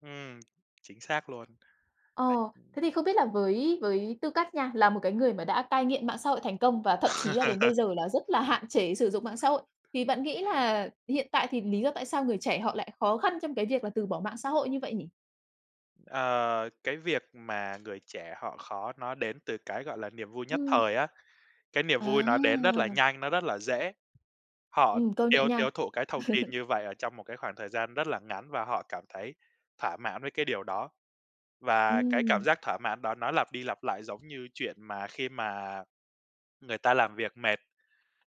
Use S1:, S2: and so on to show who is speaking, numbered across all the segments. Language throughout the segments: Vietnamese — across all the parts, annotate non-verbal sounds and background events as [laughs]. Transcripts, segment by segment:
S1: Ừm, chính xác luôn.
S2: Ờ,
S1: Đấy
S2: thế thì không biết là với với tư cách nha, là một cái người mà đã cai nghiện mạng xã hội thành công và thậm chí là đến bây giờ
S1: [laughs]
S2: là rất là hạn chế sử dụng mạng xã hội, thì bạn nghĩ là hiện tại thì lý do tại sao người trẻ họ lại khó khăn trong cái việc là từ bỏ mạng xã hội như vậy nhỉ?
S1: Ờ, cái việc mà người trẻ họ khó nó đến từ cái, gọi là, niềm vui nhất
S2: Ừm.
S1: thời á, cái niềm vui nó đến rất là
S2: À.
S1: nhanh, nó rất là dễ, họ
S2: Ừm, công nhận
S1: tiêu
S2: nha.
S1: tiêu thụ cái thông tin
S2: [chuckles]
S1: như vậy ở trong một cái khoảng thời gian rất là ngắn và họ cảm thấy thỏa mãn với cái điều đó, và cái cảm
S2: Ừm.
S1: giác thỏa mãn đó nó lặp đi lặp lại giống như chuyện mà khi mà người ta làm việc mệt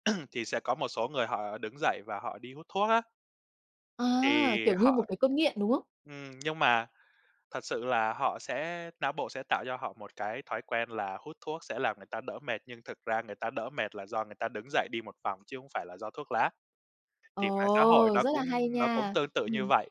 S1: [clears throat] thì sẽ có một số người họ đứng dậy và họ đi hút thuốc á.
S2: À,
S1: Thì
S2: kiểu như một
S1: họ
S2: cái cơn nghiện, đúng không?
S1: ừm, nhưng mà thật sự là họ sẽ não bộ sẽ tạo cho họ một cái thói quen là hút thuốc sẽ làm người ta đỡ mệt. Nhưng thực ra người ta đỡ mệt là do người ta đứng dậy đi một vòng chứ không phải là do thuốc lá, thì mạng xã hội
S2: Ồ,
S1: nó
S2: rất là
S1: cũng
S2: hay
S1: nó cũng
S2: nha.
S1: tương tự như
S2: Ừm.
S1: vậy.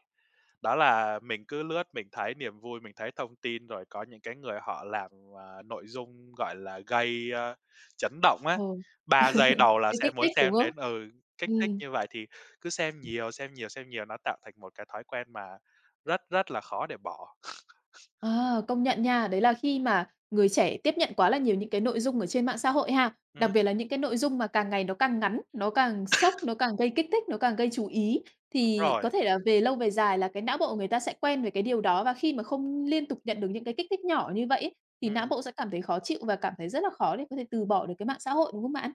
S1: Đó là mình cứ lướt mình thấy niềm vui, mình thấy thông tin rồi có những cái người họ làm, à, nội dung, gọi là, gây, a, chấn động
S2: Ừ,
S1: á,
S2: [laughs]
S1: 3 giây đầu là
S2: thấy
S1: sẽ
S2: kích
S1: muốn
S2: thích, đúng
S1: xem
S2: không?
S1: đến ừ, kích thích
S2: Ừm.
S1: như vậy, thì cứ xem nhiều, xem nhiều, xem nhiều, nó tạo thành một cái thói quen mà rất, rất là khó để bỏ. [sniffs]
S2: Ờ, công nhận nha, đấy là khi mà người trẻ tiếp nhận quá là nhiều những cái nội dung ở trên mạng xã hội ha,
S1: Ừm.
S2: đặc biệt là những cái nội dung mà càng ngày nó càng ngắn, nó càng sốc,
S1: [coughs]
S2: nó càng gây kích thích, nó càng gây chú ý,
S1: Đúng
S2: thì có
S1: rồi.
S2: thể là về lâu về dài là cái não bộ của người ta sẽ quen về cái điều đó. Và khi mà không liên tục nhận được những cái kích thích nhỏ như vậy ấy, thì não
S1: Ừm.
S2: bộ sẽ cảm thấy khó chịu và cảm thấy rất là khó để có thể từ bỏ được cái mạng xã hội, đúng không bạn?